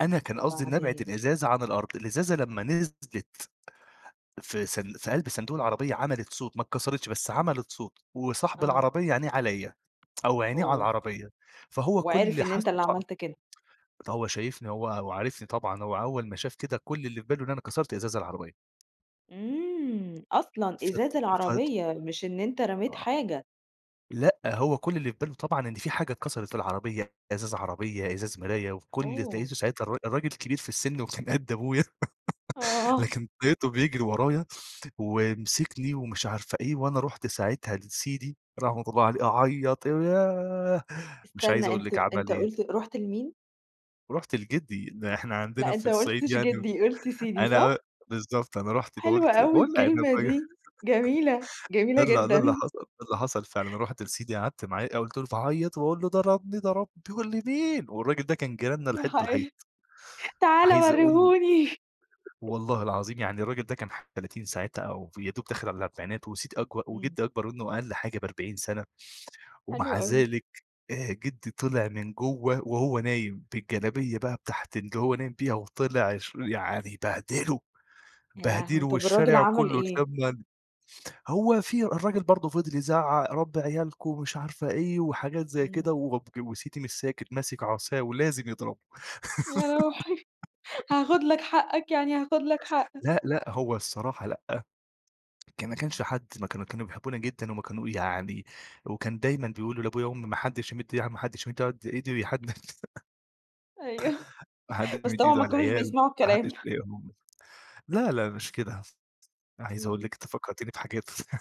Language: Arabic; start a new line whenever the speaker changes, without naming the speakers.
أنا كان قصدي إن ابعد
وبعدين؟
الإزازة عن الأرض، الإزازة لمّا نزلِت في صن في قلب صندوق العربية عملت صوت، ما اتكسرتش، بس عملت صوت وصاحب
آه.
العربية عينيه عليَّ أو عينيه على
أوه!
العربية، فهو
وعِرِف
كل
إن
حس
أنت اللي
[unintelligible]
عملت كده.
فهو شايفني، هو هو عارفني طبعًا، هو أول ما شاف كده، كل اللي في باله إن أنا كسرت إزاز العربية.
إمم! أصلًا،
فت
إزاز
فت
العربية، مش إن أنت رميت
آه.
حاجة.
لأ، هو كل اللي في باله طبعًا إن في حاجة اتكسرت في العربية، إزاز عربية، إزاز مراية وفي كل اللي
أوه!
لقيته ساعتها الرا الراجل كبير في السن وكان قد أبويا
آه.
لكن لقيته بيجري ورايا ومسكني ومش عارفة إيه، وأنا رُحت ساعتها لسيدي- رحمة الله عليه- أعيّط، وياه! مش
استنى،
عايز أقول
أنت
لِك عمل
أنت
إيه.
قُلت رُحت لمين؟
رُحت لجدّي، إن إحنا عندنا
لأ،
في
أنت ما
الصعيد
قُلتش
يعني
جدّي، قُلت سيدي
أنا
صح؟
بالضبط، أنا رُحت با
حلوة
قُلت
أوي
باقول لأ، أنا
الكلمة
بي
دي، جميلة،
ده
جميلة
ال ده
جدًا.
اللي حصَل، ده اللي حصَل فعلًا. رُحت لسيدي، قعَدت معاه، آآ، وفضلت أعيّط، وأقول له: "ضربني، ضربني" يقول لي: "مين؟" والراجل ده كان جيراننا
يا
الحيط بالحيط.
حيا تعالَ
عايز أقول لِك
ورّيهوني.
والله العظيم، يعني الراجل ده كان ح 30 ساعتها أو يادوب داخل على الأربعينات وسيدي أكبر
إمم.
وجدّي أكبر منه أقل حاجة ب40 سَنة،
حلو
ومع
أوي.
ذلك، آآ جدّي طَلَع من جوّه، وهو نايم بالجلابية بقى بتاعت الجو اللي هو نايم بيها وطَلَع شو يعني بهدله،
يا لهوي!
بهدله،
طَب الراجل
والشارع
عمل
كلّه
إيه؟
اتلم إن هو في الراجل برضه فَضَل يزعّق، "ربّي عيالكم" ومش عارفة إيه، وحاجات زي
إمم.
كده وبج وسيدي مش ساكت، ماسِك عصاية ولازم يضربه.
يا روحي. هاخد لك حقك، يعني هاخد لك حقك.
لأ، لأ، هو الصراحة لأ، كان ما
إمم.
كانش حد ما كانوا كانوا بيحبونا جدًا، هم كانوا يعني وكان دايمًا بيقولوا لأبويا وأمي: "ما حدّش يمد إي يع ما حدّش يمد على قد إيده ي حد"
أيوَه،
"ما حدّش
بس
يمد
طبعًا
إيده
ما
على
كانوش
العيال،
بيسمعوا
ما حّدش
الكلام.
يضايقهم." لا، لا مش كده، أنا عايز أقول
إمم.
لِك أنتِ فكّرتيني بحاجات